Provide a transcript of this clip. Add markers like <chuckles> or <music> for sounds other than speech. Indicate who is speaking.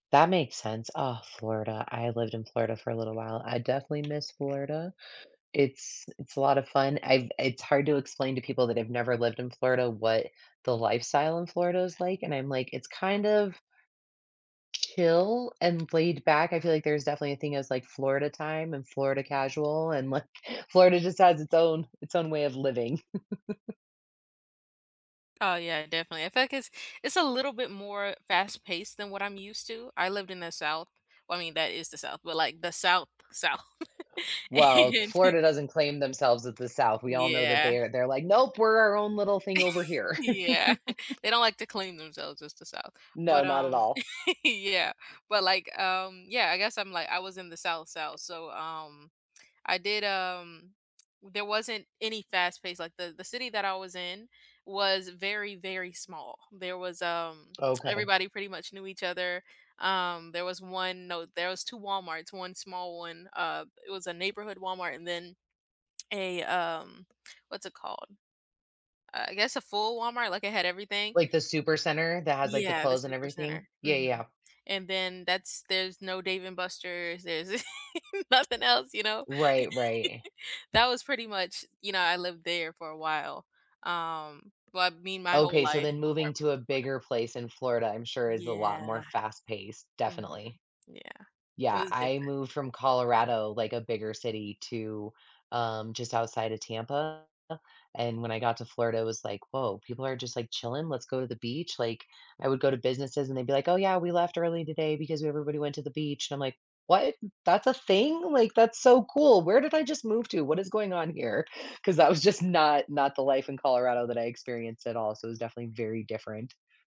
Speaker 1: That makes sense. Ah, Florida, I lived in Florida for a little while. I definitely miss Florida. It's it's a lot of fun. I've it's hard to explain to people that have never lived in Florida what the lifestyle in Florida is like, and I'm like, "It's kind of" "chill and laid back." I feel like there's definitely a thing as, like, Florida time and Florida casual and, like, Florida just has its own its own way of living. <chuckles>
Speaker 2: Oh, yeah, definitely. In fact, it's it's a little bit more fast paced than what I'm used to. I lived in the South. Well, I mean, that is the South, but, like, the South, South.
Speaker 1: Well,
Speaker 2: <chuckles> And
Speaker 1: Florida doesn't claim themselves as the South. We all know that
Speaker 2: Yeah.
Speaker 1: they're they're, like, "Nope, we're our own little thing over
Speaker 2: <laughs>
Speaker 1: here."
Speaker 2: Yeah, <chuckles>
Speaker 1: <laughs>
Speaker 2: they don't like to claim themselves as the South.
Speaker 1: No,
Speaker 2: But,
Speaker 1: not at
Speaker 2: um
Speaker 1: all.
Speaker 2: <laughs> yeah, but, like, um, yeah, I guess I'm, like I was in the South, South. So, um, I did, um there wasn't any fast-paced, like, the the city that I was in was very, very small. There was, um <smacks lips>
Speaker 1: Okay.
Speaker 2: everybody pretty much knew each other. Um, there was 1, no there was 2 Walmarts, 1 small 1 uh, it was a Neighborhood Walmart and then a, um what's it called? Uh, I guess a full Walmart, like, it had everything.
Speaker 1: Like, the Supercenter that has, like, the
Speaker 2: Yeah, the
Speaker 1: clothes and everything?
Speaker 2: Supercenter,
Speaker 1: Yeah,
Speaker 2: mhm.
Speaker 1: yeah.
Speaker 2: And then that's there's no Dave and Buster's, there's <laughs> nothing else, you know?
Speaker 1: Right, right.
Speaker 2: <laughs> That was pretty much, you know I lived there for a while, um well, I mean, my whole
Speaker 1: Okay, so
Speaker 2: life
Speaker 1: then
Speaker 2: before I
Speaker 1: moving
Speaker 2: moved
Speaker 1: to
Speaker 2: to
Speaker 1: a
Speaker 2: Florida.
Speaker 1: bigger place in Florida, I'm sure, is a lot more
Speaker 2: Yeah.
Speaker 1: fast-paced,
Speaker 2: Mhm,
Speaker 1: definitely.
Speaker 2: yeah, it
Speaker 1: Yeah,
Speaker 2: was
Speaker 1: I
Speaker 2: different.
Speaker 1: moved from Colorado, like, a bigger city to, um, just outside of Tampa, and when I got to Florida, it was like, "Whoa, people are just, like, chilling, let's go to the beach." Like, I would go to businesses, and they'd be like, "Oh, yeah, we left early today because w everybody went to the beach." And I'm like, "What? That's a thing, like, that's so cool. Where did I just move to? What is going on here?" 'Cause that was just not not the life in Colorado that I experienced at all, so it was definitely very different.